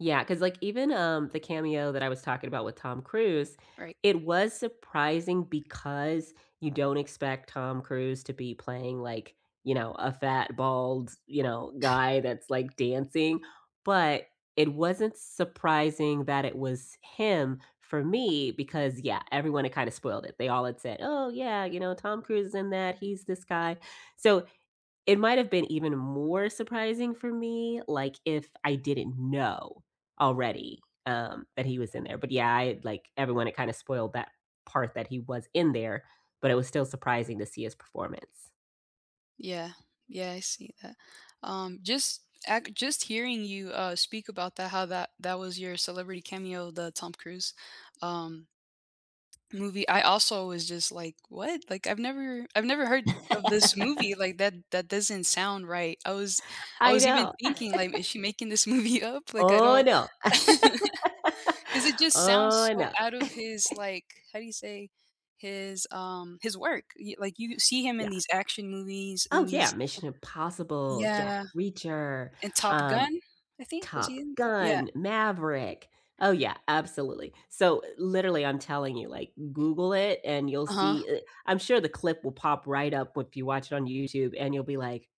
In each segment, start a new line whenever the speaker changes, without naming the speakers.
Yeah, 'cause, like, even, um, the cameo that I was talking about with Tom Cruise,
Right.
it was surprising because you don't expect Tom Cruise to be playing like, you know, a fat, bald, you know, guy that's like dancing, but it wasn't surprising that it was him for me, because, yeah, everyone had kinda spoiled it. They all had said, "Oh yeah, you know, Tom Cruise is in that, he's this guy." So, It might have been even more surprising for me, like, if I didn't know already, um, that he was in there, but yeah, I like everyone, it kinda spoiled that part that he was in there, but it was still surprising to see his performance.
Yeah, yeah, I see that. Um, just, ac just hearing you, uh, speak about that, how that that was your celebrity cameo, the Tom Cruise, um, movie, I also was just like "What?" Like I've never I've never heard of this movie, like, that that doesn't sound right, I was I
I
was even
know.
thinking like, "Is she making this movie up?" Like I
Oh
don't
no.
'Cause it just sounds
Oh
so
no.
out of his, like how do you say his, um, his work, y like you see him in
Yeah.
these action movies
Oh
and
yeah,
these
Mission Impossible, Jack
Yeah.
Reacher,
And Top
um,
Gun, I think was he
Top
in Yeah.
Gun, Maverick. Oh yeah, absolutely. So literally I'm telling you, like, Google it and you'll
Uh-huh.
see eh, I'm sure the clip will pop right up if you watch it on YouTube and you'll be like,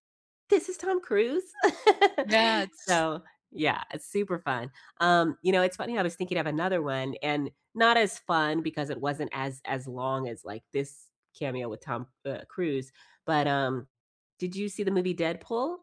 "This is Tom Cruise?"
That's
So, yeah, it's super fun. Um, you know, it's funny, I was thinking of another one and not as fun because it wasn't as as long as, like, this cameo with Tom, uh, Cruise, but um, did you see the movie Deadpool?